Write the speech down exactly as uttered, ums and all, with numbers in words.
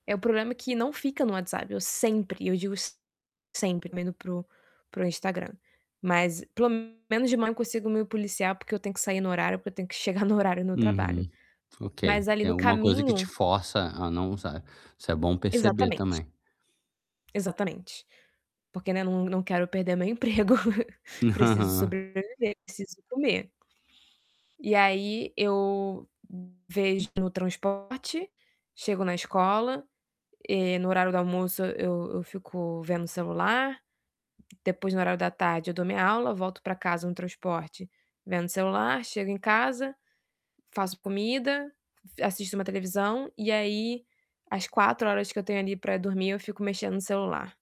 É, o problema que não fica no WhatsApp. Eu sempre, e eu digo sempre, indo para o para o Instagram, mas pelo menos de manhã eu consigo me policiar, porque eu tenho que sair no horário, porque eu tenho que chegar no horário no trabalho. Uhum. Ok, Mas ali tem no alguma coisa que te caminho força a não usar. Isso é bom perceber Exatamente. também. Exatamente, porque né, não não quero perder meu emprego, preciso Aham. sobreviver, preciso comer. E aí eu vejo no transporte, chego na escola, eh, no horário do almoço eu eu fico vendo o celular. Depois, no horário da tarde, eu dou minha aula, volto para casa no transporte, vendo o celular. Chego em casa, faço comida, assisto uma televisão, e aí, as quatro horas que eu tenho ali para dormir, eu fico mexendo no celular.